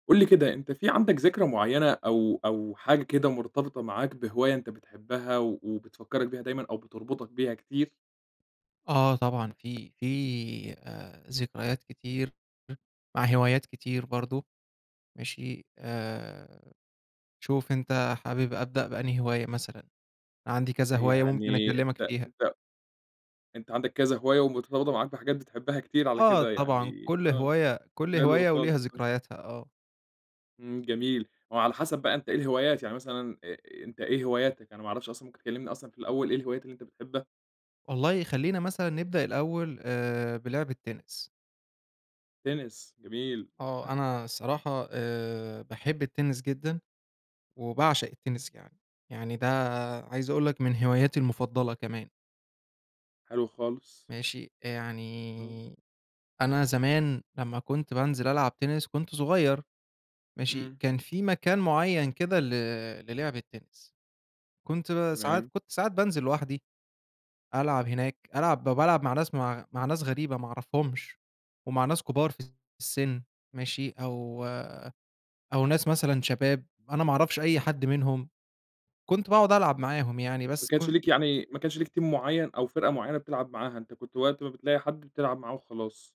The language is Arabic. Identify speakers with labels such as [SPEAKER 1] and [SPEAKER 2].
[SPEAKER 1] قُل لي كده، أنت في عندك ذكرى معيّنة أو أو حاجة كده مرتبطة معاك بهواية أنت بتحبها و وبتفكّرك بيها دايمًا أو بتربطك بيها كتير؟
[SPEAKER 2] آه، طبعًا في في آآ، ذكريات كتير مع هوايات كتير برضه، ماشي آآ، شوف أنت حابب أبدأ بأنهي هواية مثلًا؟ عندي كذا هواية ممكن
[SPEAKER 1] يعني
[SPEAKER 2] أكلمك
[SPEAKER 1] أنت
[SPEAKER 2] فيها.
[SPEAKER 1] أنت أنت عندك كذا هواية ومرتبطة معاك بحاجات بتحبها كتير على
[SPEAKER 2] آه
[SPEAKER 1] كده
[SPEAKER 2] طبعًا،
[SPEAKER 1] يعني،
[SPEAKER 2] كل
[SPEAKER 1] آه
[SPEAKER 2] هواية كل
[SPEAKER 1] حلو
[SPEAKER 2] هواية
[SPEAKER 1] خالص،
[SPEAKER 2] وليها
[SPEAKER 1] آه.
[SPEAKER 2] ذكرياتها، آه.
[SPEAKER 1] إمم، جميل وعلى حسب بقى أنت إيه الهوايات يعني مثلًا أ أنت إيه هواياتك؟ أنا ما أعرفش أصلًا ممكن تكلِّمني أصلًا في الأول إيه الهوايات اللي أنت بتحبها؟
[SPEAKER 2] والله خلينا مثلًا نبدأ الأول آآ، بلِعب التِنِس.
[SPEAKER 1] تِنِس، جميل.
[SPEAKER 2] آه، أنا الصراحة آآ، باحب التِنِس جدًا، وباعشق التِنِس كمان، يعني ده عايز أقول لك من هواياتي المفضَّلة كمان.
[SPEAKER 1] حلو خالص.
[SPEAKER 2] ماشي،
[SPEAKER 1] آه.
[SPEAKER 2] يعني أنا زمان لمّا كنت بانزل ألعب تِنِس كنت صغيّر ماشي،
[SPEAKER 1] إمم.
[SPEAKER 2] كان في مكان معيّن كده ل لِلِعب التِنِس، كنت ساعات
[SPEAKER 1] تمام.
[SPEAKER 2] كنت ساعات بانزل لوحدي، ألعب هناك ألعب بالعب مع ناس م مع ناس غريبة، ما أعرفهُمش، ومع ناس كبار في السن، ماشي، أو أو ناس مثلًا شباب أنا ما أعرفش أي حد منهم، كنت باقعد ألعب معاهم يعني
[SPEAKER 1] ما
[SPEAKER 2] بس
[SPEAKER 1] كانش
[SPEAKER 2] كنت
[SPEAKER 1] ليك يعني ما كانش ليك team معيّن، أو فرقة معيّنة، بتلعب معاها أنت كنت وقت ما بتلاقي حد بتلعب معاه وخلاص.